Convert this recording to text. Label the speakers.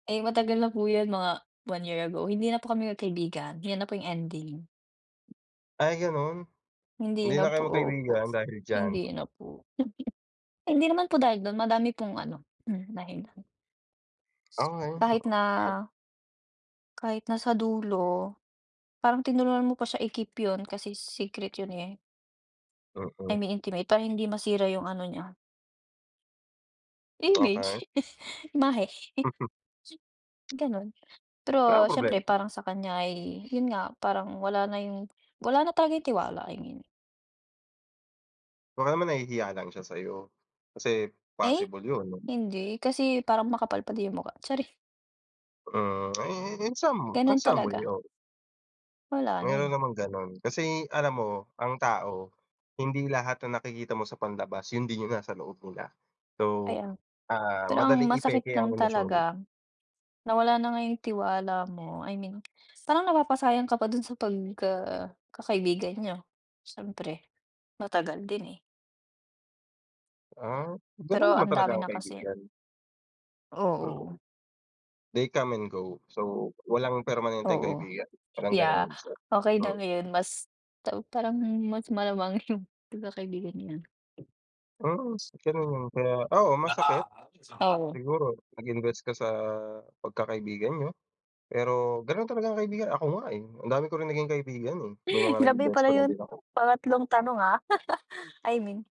Speaker 1: Ay matagal na po yun mga 1 year ago, hindi na po kami kaibigan yan na po yung ending.
Speaker 2: Ay! ganun,
Speaker 1: Hindi
Speaker 2: hindi
Speaker 1: na
Speaker 2: na kayo
Speaker 1: po opo,
Speaker 2: magkaibigan dahil diyan.
Speaker 1: hindi na po. Hindi naman po dahil dun madami pong ano mm dahilan. Kahit na,
Speaker 2: [unintelligible]
Speaker 1: Kahit nasa dulo parang tinulungan mo pa siya i-keep yun kasi secret yun, eh. Ay
Speaker 2: Mm.
Speaker 1: may intimate para hindi masira yung ano niya.
Speaker 2: Okey.
Speaker 1: Image, imahe. Ganon,
Speaker 2: Wala
Speaker 1: pero
Speaker 2: akong problema
Speaker 1: syempre
Speaker 2: dun.
Speaker 1: parang sa kanya ay yun nga parang wala na yung wala na talaga yung tiwala ayon.
Speaker 2: Baka naman nahihiya lang siya sayo kasi
Speaker 1: Eh,
Speaker 2: possible yun.
Speaker 1: hindi kasi parang makapal pa din yung mukha, chari.
Speaker 2: Mm, i i in some in
Speaker 1: Ganun
Speaker 2: some way
Speaker 1: talaga.
Speaker 2: oo.
Speaker 1: Wala na,
Speaker 2: Meron
Speaker 1: eh.
Speaker 2: namang ganun, kasi alam mo ang tao hindi lahat ng nakikita mo sa panlabas yun din yung nasa loob nila, so,
Speaker 1: Ayan
Speaker 2: ah,
Speaker 1: pero ang
Speaker 2: madaling
Speaker 1: masakit
Speaker 2: ipeke ang
Speaker 1: lang
Speaker 2: emosyon.
Speaker 1: talaga nawala na nga yung tiwala mo I mean parang napapasayang ka pa dun sa pagka kakaibigan niyo. Syempre, matagal din, eh.
Speaker 2: Ah ganon
Speaker 1: Pero
Speaker 2: naman
Speaker 1: ang
Speaker 2: talaga
Speaker 1: dami
Speaker 2: ang
Speaker 1: na kasi.
Speaker 2: kaibigan.
Speaker 1: Oo.
Speaker 2: Mm, they come and go. So walang permanenteng
Speaker 1: Oo,
Speaker 2: kaibigan parang
Speaker 1: ya.
Speaker 2: ganon. So,
Speaker 1: Okey na
Speaker 2: hmm.
Speaker 1: ngayon mas taw parang mas malamang yung pagkakaibigan niya. [unintelligible]
Speaker 2: Mm, ganun yun kaya oo masakit,
Speaker 1: Oo.
Speaker 2: siguro nag invest ka sa pagkakaibigan niyo, pero ganon talaga ang kaibigan ako nga, eh, ang dami ko rin naging kaibigan, eh, may mga naging
Speaker 1: Grabe pala
Speaker 2: bestfriend
Speaker 1: yun
Speaker 2: din ako.
Speaker 1: pangatlong tanong ah I mean.